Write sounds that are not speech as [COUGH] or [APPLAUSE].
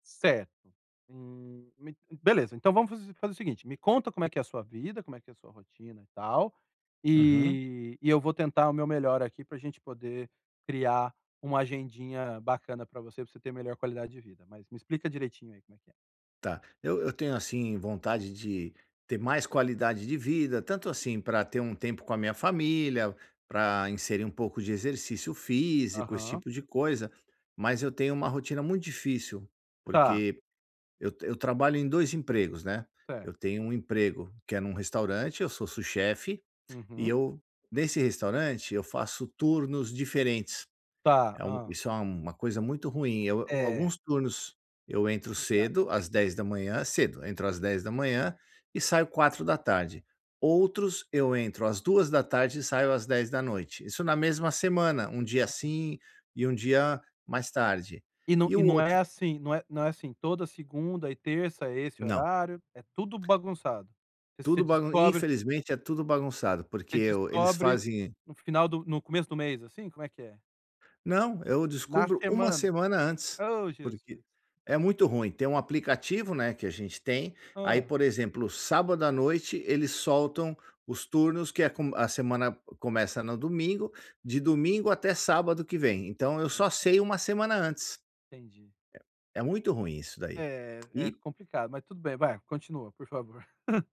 Certo. Hum, me beleza. Então vamos faz fazer o seguinte, me conta como é que é a sua vida, como é que é a sua rotina e tal, Uhum. e e eu vou tentar o meu melhor aqui pra gente poder criar uma agendinha bacana pra você, pra você ter melhor qualidade de vida. Mas me explica direitinho aí, como é que é? Tá, eu eu tenho, assim, vontade de ter mais qualidade de vida, tanto assim, pra ter um tempo com a minha família, pra inserir um pouco de exercício físico, esse Aham. tipo de coisa, mas eu tenho uma rotina muito difícil, Tá. porque eu t eu trabalho em 2 empregos, né. Certo. Eu tenho um emprego que é num restaurante, eu sou sous-chef e Uhum. eu nesse restaurante, eu faço turnos diferentes. Tá. É um Hã. isso é uma coisa muito ruim. Eu É. alguns turnos, eu entro Complicado. cedo, às 10h cedo, entro às 10h e saio 16h, outros eu entro às 14h e saio às 22h. Isso na mesma semana, 1 dia Aham. assim e 1 dia mais tarde. E nã E o não é outro assim, não é não é assim, toda segunda e terça é esse Não. horário? É tudo bagunçado? Você Tudo bagun descobre infelizmente é tudo bagunçado. Porque você eu eles descobre fazem no final do no começo do mês, assim, como é que é? Não, eu Na descubro uma semana? semana antes. Oh, Porque Jesus! é muito ruim, tem um aplicativo, né, que a gente tem, aí Hã. por exemplo, sábado à noite eles soltam os turnos que é com a semana c começa no domingo, de domingo até sábado que vem. Então eu Ah só tá. sei uma semana antes. Entendi. É muito ruim isso daí. É, é E complicado, mas tudo bem, vai, continua, por favor. [LAUGHS]